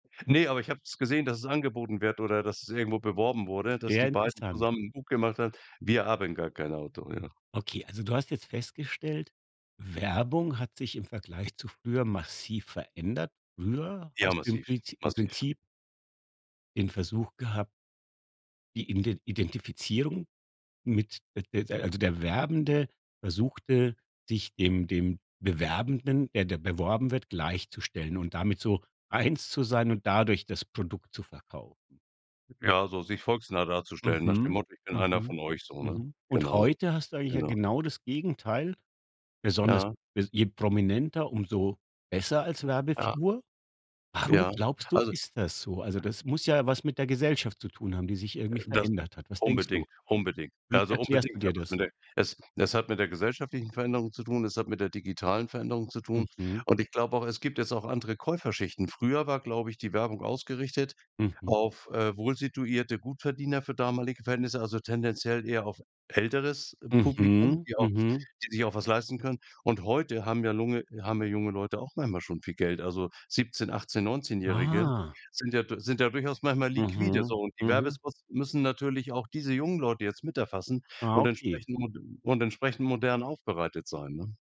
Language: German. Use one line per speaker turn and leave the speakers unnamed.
Ne, aber ich habe es gesehen, dass es angeboten wird oder dass es irgendwo beworben wurde, dass die
Sehr
beiden
interessant.
zusammen 'n Buch gemacht hat „Wir haben gar kein Auto”, ja.
Okay, also du hast jetzt festgestellt, Werbung hat sich im Vergleich zu früher massiv verändert. Früher
Ja,
hast du im
massiv,
Prizi im
massiv.
Prinzip den Versuch gehabt die Iden die Identifizierung mit, äh, de de also, der Werbende versuchte, sich dem dem Bewerbenden, der da beworben wird, gleichzustellen und damit so eins zu sein und dadurch das Produkt zu verkaufen.
Ja, so sich volksnah darzustellen, nach dem
Mhm.
Motto: „Ich bin einer
Mhm.
von euch" so, ne?
Mhm. Und
Genau,
heute hast du eigentlich ja
genau.
genau das Gegenteil. Besonders
Ja.
bes je prominenter, umso besser als
Ja.
Werbefigur. Warum
Ja.
glaubst du,
Also
ist das so? Also, das muss ja was mit der Gesellschaft zu tun haben, die sich
Äh,
irgendwie
das
verändert hat. Was denkst du?
unbedingt, unbedingt.
Wie
Also,
erklärst du
unbedingt hat
dir
das
das?
mit der es es hat mit der gesellschaftlichen Veränderung zu tun, es hat mit der digitalen Veränderung zu tun,
Mhm.
und ich glaube auch, es gibt jetzt auch andere Käuferschichten. Früher war, glaube ich, die Werbung ausgerichtet
Mhm.
auf, äh, wohlsituierte Gutverdiener für damalige Verhältnisse, also tendenziell eher auf älteres, äh, Publikum,
Mhm.
die auch
Mhm.
die sich auch was leisten können. Und heute haben ja lunge haben ja junge Leute auch manchmal schon viel Geld. Also, Siebzehn, Achtzehn, Neunzehnjährige
Ah.
sind ja du sind da durchaus manchmal liquide, so.
Mhm.
Und die
Mhm.
Werbespots müssen natürlich auch diese jungen Leute jetzt mit erfassen
Ah,
und
okay.
entsprechend und entsprechend modern aufbereitet sein, ne?